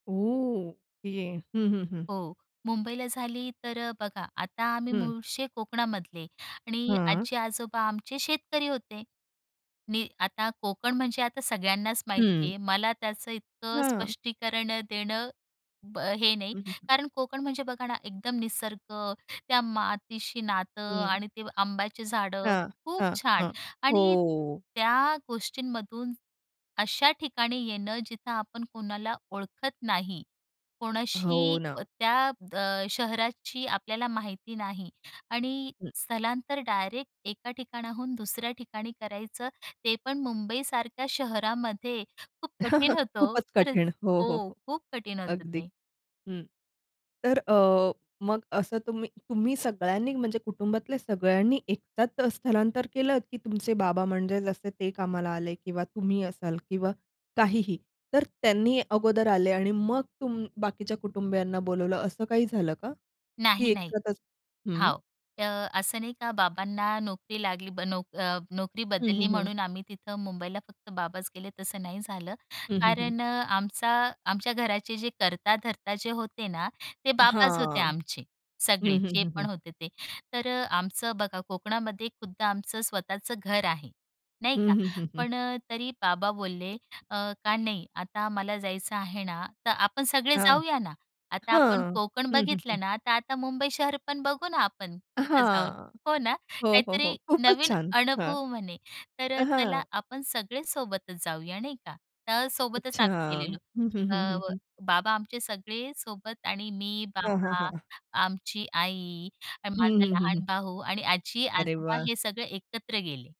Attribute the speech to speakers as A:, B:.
A: ओह! ये. हं, हं, हं.
B: हो, मुंबईला झाली, तर अ, बघा आता आम्ही
A: हं.
B: मूळचे कोकणामधले आणि
A: हां.
B: आजी-आजोबा आमचे शेतकरी होते. नी आता कोकण म्हणजे आता सगळ्यांनाच माहिती
A: हं.
B: आहे. मला त्याचं इतकं
A: हां.
B: स्पष्टीकरण अ, देणं ब अ, हे नाही.
A: हं, हं, हं.
B: कारण कोकण म्हणजे बघा ना, एकदम निसर्ग, त्या मातीशी नातं
A: हं.
B: आणि ते आंब्याची झाडं.
A: हां,
B: खूप
A: हां,
B: छान!
A: हां.
B: आणि
A: हो.
B: त्या गोष्टींमधून अशा ठिकाणी येणं, जिथं आपण कोणाला ओळखत नाही,
A: हो
B: कोणाशी
A: ना.
B: अ, त्या अ, शहराची आपल्याला माहिती नाही आणि
A: हं.
B: स्थलांतर डायरेक्ट एका ठिकाणाहून दुसऱ्या ठिकाणी करायचं, ते पण मुंबईसारख्या शहरामध्ये, खूप कठीण होतं हो!
A: खूपच
B: खरंच.
A: कठीण. हो, हो,
B: हो.
A: हो.
B: खूप कठीण होतं
A: अगदी,
B: ते.
A: हं. तर अ, मग असं तुम्ही तुम्ही सगळ्यांनी म्हणजे कुटुंबातल्या सगळ्यांनी एकत्र स्थलांतर केलंत, की तुमचे बाबा म्हणजे जसे ते कामाला आले किंवा तुम्ही असाल किंवा काहीही. तर त्यांनी अगोदर आले आणि मग तुम बाकीच्या कुटुंबियांना बोलावलं असं काही झालं का? की
B: नाही नाही.
A: एकसाथच हं.
B: हो, तर असं नाही का बाबांना नोकरी लागली ब नोक अ, नोकरी
A: हं,
B: बदलली
A: हं, हं.
B: म्हणून आम्ही तिथं मुंबईला फक्त बाबाच गेले तसं नाही झालं,
A: हं, हं, हं.
B: कारण अ, आमचा आमच्या घराचे जे करता-धरता जे होते ना, ते बाबाच होते
A: हां.
B: आमचे, सगळे
A: हं, हं,
B: जे
A: हं,
B: पण
A: हं.
B: होते ते. तर अ, आमचं बघा कोकणामध्ये खुद्द आमचं स्वतःचं घर आहे, नाही
A: हं,
B: का.
A: हं, हं, हं.
B: पण अ, तरी बाबा बोलले अ, का नाही आता मला जायचं आहे ना तर आपण सगळे
A: हां,
B: जाऊया ना. आता आपण
A: हां.
B: कोकण
A: हं, हं, हं.
B: बघितलं ना, तर आता मुंबई शहर पण बघू ना आपण तिथं जाऊन,
A: हां.
B: हो ना.
A: हो, हो, हो.
B: काहीतरी
A: खूपच
B: नवीन
A: छान! हां,
B: अनुभव म्हणे. तर अ, चला
A: हां.
B: आपण सगळे सोबतच जाऊया, नाही का. तर सोबतच
A: अच्छा.
B: आम्ही गेलेलो.
A: हं, हं,
B: अ,
A: हं, हं,
B: व
A: हं.
B: बाबा आमचे सगळे सोबत आणि मी,
A: हां, हां,
B: बाबा,
A: हां.
B: आमची आई आणि
A: हं,
B: माझा
A: हं, हं, हं.
B: लहान भाऊ आणि आजी,
A: अरे
B: आजोबा
A: वाह!
B: हे सगळे एकत्र गेले.